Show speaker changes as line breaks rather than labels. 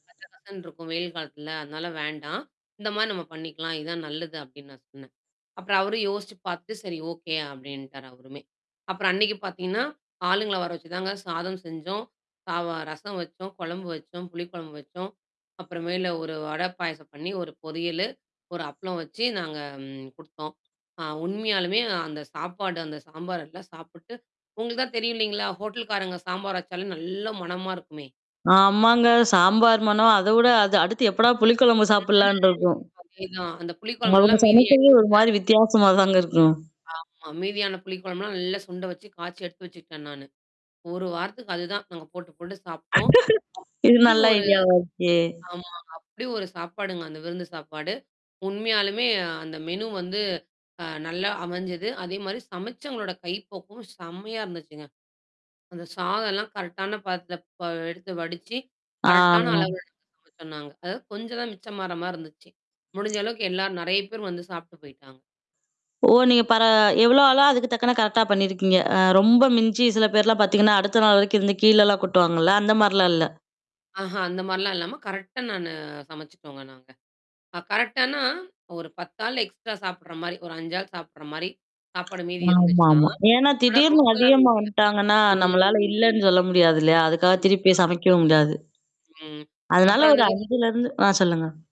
கச கசன்னு இருக்கும் வெயில் காலத்துல. அதனால வேண்டாம். இந்த மாரி நம்ம பண்ணிக்கலாம். இதான் நல்லது அப்டீன்னு நான் சொன்னேன். அப்புறம் அவரும் யோசிச்சு பாத்துட்டு, "சரி ஓகே" அப்டின்ட்டாரு அவருமே. அப்புறம் அன்னைக்கு பாத்தீங்கன்னா, ஆளுங்கள வர வச்சு தாங்க சாதம் செஞ்சோம். சாவா ரசம் வச்சோம், கொழம்பு வச்சோம், புளி கொழம்பு வச்சோம். அப்புறமேல, 1 வடை பாயசம் பண்ணீ 1 பொறியலு, 1 அப்ளம் வச்சு நாங்க ம் குடுத்தோம். ஆ உண்மையாலுமே அந்த சாப்பாடு அந்த சாம்பார் எல்லாம் சாப்புட்டு உங்களுக்கு தான் தெரியும் இல்லைங்களா? ஹோட்டல்காரங்க சாம்பார் வச்சாலே நல்லா மணமா இருக்குமே!
ஆமாங்க. சாம்பார் மணம் அத விட அது அடுத்து எப்படா புளி கொழம்பு சாப்பிடலான்ட்டு
ம்.
இருக்கும்.
அதேதான். அந்த புளி
அவுங்க
குழம்புல்லாம் மீதி
சமைக்கறதே
ஆய்டுச்சிங்க.
ஒரு மாரி வித்தியாசமா தாங்க இருக்கும்.
ஆமா. மீதியான புளி கொழம்புலாம் நல்லா சுண்ட வச்சு காய்ச்சி எடுத்து வச்சுக்கிட்டேன் நானு. 1 வாரத்துக்கு அதுதான் நாங்க போட்டு, போட்டு சாப்டோம்.
இது
அப்டி
நல்ல
ஒரு
ஐடியாவா இருக்கே!
ஆமாங்க. அப்படி ஒரு சாப்பாடுங்க. அந்த விருந்து சாப்பாடு. உண்மையாலுமே அந்த மெனு வந்து, அ நல்லா அமைஞ்சது. அதேமாரி சமைச்சங்களோட கைப்பக்குவம் செம்மையா இருந்துச்சுங்க. அந்த சாதல்லாம் கரெக்ட்டான பதத்துல ப எடுத்து வடிச்சு,
ஆ.
கரெக்ட்டான அளவெடுத்து சமச்சோம் நாங்க. கொஞ்சம் தான் மிச்சமாற மாரி இருந்துச்சு. முடிஞ்ச அளவுக்கு எல்லார் நெறையா பேர் வந்து சாப்ட்டு போய்ட்டாங்க.
ஓ! நீங்க பர எவ்வளோ ஆளோ, அதுக்கு தக்கன கரெக்ட்டா பண்ணீயிருக்கீங்க. அ ரொம்ப மிஞ்சி சில பேர்லாம் பாத்தீங்கன்னா, அடுத்த நாள் வரைக்கும் இருந்து கீழலாம் கொட்டுவாங்கல்ல! அந்த மாரிலாம் இல்ல.
ஆஹா, அந்த மாரிலாம் இல்லாம கரெக்ட்டா நானு சமைச்சுட்டோங்க நாங்க. ஆ கரெக்ட்டான்னா, ஒரு 10 ஆள் எக்ஸ்ட்ரா சாப்படுற மாரி, ஒரு 5 ஆள் சாப்படுற மாரி. சப்பாடு மீதி இருந்துச்சுதான்.
ஆமாமா. ஏன்னா,
ஆனா
திடீர்னு
ரொம்பல்லாம்
அதிகமா
மீறல.
வந்துட்டாங்கன்னா, நம்மளால
ம்.
இல்லன்னு சொல்ல முடியாது இல்லையா! அதுக்காக திருப்பி
[unintelligible]
போய் சமைக்கவும் முடியாது.
ம்.
அதனால
அப்புறம் அந்த
ஒரு
[unintelligible]
5லருந்து ஆ சொல்லுங்க.